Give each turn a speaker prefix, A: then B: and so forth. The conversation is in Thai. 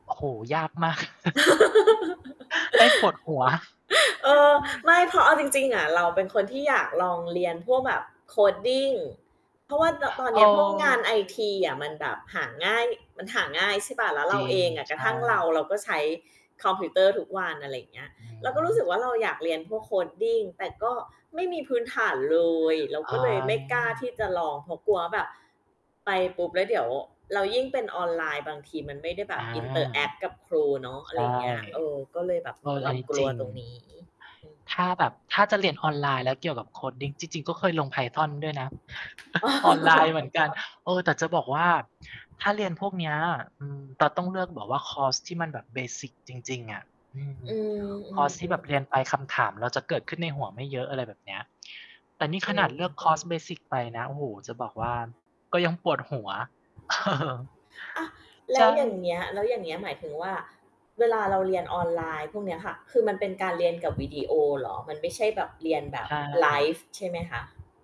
A: โอ้โฮ ยากมาก [unintelligible] ได้ปวดหัว
B: เออ ไม่ เพราะเอาจริง ๆ อะเราเป็นคนที่อยากลองเรียนพวกแบบ Coding เพราะว่าตอ ตอน
A: เอ
B: น
A: อ
B: ี้พวกงานไอท
A: จะ
B: ี
A: ตา
B: อะมัน
A: ย
B: แบบหาง่าย มันหาง่าย ใช่เปล่า แล้ว
A: จ
B: เรา
A: ริ
B: เอ
A: ง
B: ง ก
A: ใช
B: ระทั่งเรา
A: ่
B: เราก็ใช้คอมพิวเตอร์ทุกวัน อะไรอย่างเงี้ย
A: อื
B: เราก็รู้สึกว
A: ม
B: ่าเราอยากเรียนพวก Coding แต่ก็ไม่มีพื้นฐานเลย เรา
A: อ
B: ก็เลยไม่กล้า
A: า
B: ที่จะลอง เพราะกลัวว่าแบบไปปุ๊บ แล้วเดี๋ยวเรา ยิ่งเป็นออนไลน์บางทีมันไม่ได้แบ
A: อา
B: บ interact กับครูเนาะ
A: ใ
B: อะ
A: ช
B: ไร
A: ่
B: อย่างเงี้ย เออ ก็เลยแบบ
A: เอ
B: ม
A: อ
B: ีค
A: อ
B: ว
A: ั
B: า
A: น
B: ม
A: นี้
B: กล
A: จร
B: ั
A: ิ
B: ว
A: ง
B: ตรงนี้ อืม
A: ถ้าแบบถ้าจะเรียนออนไลน์แล้วเกี่ยวกับ Coding จริง ๆ ก็เคยลง Python ด้วยนะ ออนไลน์เหมือนกัน เออ แต่จะบอกว่าถ้าเรียนพวกเนี้ย อืม เราต้องเลือกแบบคอร์สที่มันแบบ เบสิก จริง ๆ อะ อืม
B: อื
A: คอร์สที่แบ
B: ม
A: บเรี
B: ๆ
A: ย
B: ๆ
A: นไปคำถามเราจะเกิดขึ้นในหัวไม่เยอะ อะไรแบบเนี้ย แต่นี่
B: อ
A: ข
B: ื
A: นาด
B: อ
A: เลือกคอร์ส เบสิก ไปนะ โอ้โฮ จะบอกว่าก็ยังปวดหัว
B: อ่า แล
A: ใช
B: ้ว
A: ่
B: อย่างเงี้ย แล้วอย่างเงี้ย หมายถึงว่า เวลา เราเรียนออนไลน์พวกเนี้ยค่ะ คือมันเป็นการเรียน กับวิดีโอเหรอ มันไม่ใช่แบบเรียนแบ
A: ใ
B: บ
A: ช
B: ไล
A: ่
B: ฟ์ใช่ไหมคะ?